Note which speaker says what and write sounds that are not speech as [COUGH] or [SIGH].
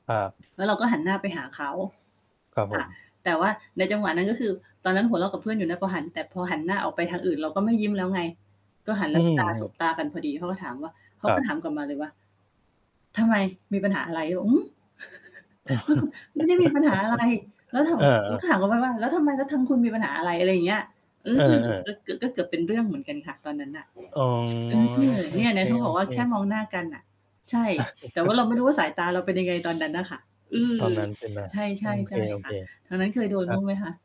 Speaker 1: ครับ
Speaker 2: แล้วเราก็หันหน้าไปหาเขา
Speaker 1: ครับผ
Speaker 2: ค่ะ
Speaker 1: ม
Speaker 2: แต่ว่าในจังหวะนั้น ก็คือ ตอนนั้นหัวเราะกับเพื่อนอยู่นะ พอหัน แต่พอหันหน้าออกไปทางอื่น เราก็ไม่ยิ้มแล้วไง ก็หันแ
Speaker 1: อ
Speaker 2: ล
Speaker 1: ื
Speaker 2: ้วตา สบ
Speaker 1: ม
Speaker 2: ตากันพอดี เขาก็ถามว่า เข
Speaker 1: ค
Speaker 2: า
Speaker 1: ร
Speaker 2: ก
Speaker 1: ั
Speaker 2: ็
Speaker 1: บ
Speaker 2: ถามกลับมาเลยว่า "ทำไม มีปัญหาอะไร?" เราก็บอก "หือ? [CHUCKLES] ไม่ คุ ไม่มีปัญหาอะไร" แล้วถา
Speaker 1: [LAUGHS] เ
Speaker 2: ม
Speaker 1: ออ ค
Speaker 2: เ
Speaker 1: ร
Speaker 2: ราก
Speaker 1: ั
Speaker 2: ็ถ
Speaker 1: บ
Speaker 2: ามเขาไปว่า "แล้วทำไม แล้วทางคุณมีปัญหาอะไร?" อะไรอย่างเงี้ย อื
Speaker 1: เอ
Speaker 2: ม ก็
Speaker 1: อ ๆ
Speaker 2: เกือบ ก็เกือบเป็นเรื่องเหมือนกันค่ะตอนนั้นน่ะ
Speaker 1: อ๋อ
Speaker 2: เออ เนี่ย
Speaker 1: โอ
Speaker 2: เ
Speaker 1: เค
Speaker 2: นี่ยที่เขาบอกว่า แค่
Speaker 1: ๆ
Speaker 2: มองหน้ากันน่ะ ใช่
Speaker 1: อ
Speaker 2: แต่ว่
Speaker 1: า
Speaker 2: าเราไม่
Speaker 1: [CHUCKLES]
Speaker 2: รู้ว่าสายตาเราเป็น ยังไงตอนนั้นน่ะค่ะ อื
Speaker 1: ต
Speaker 2: ม
Speaker 1: อนนั้นใช่ไหม?
Speaker 2: ใช
Speaker 1: โอ้
Speaker 2: ่ ๆ ใช่
Speaker 1: โอ
Speaker 2: ค
Speaker 1: เค
Speaker 2: ่ะ ทางนั้นเคยโด
Speaker 1: ๆ ค
Speaker 2: น
Speaker 1: รั
Speaker 2: บ้
Speaker 1: บ
Speaker 2: างไหมคะ?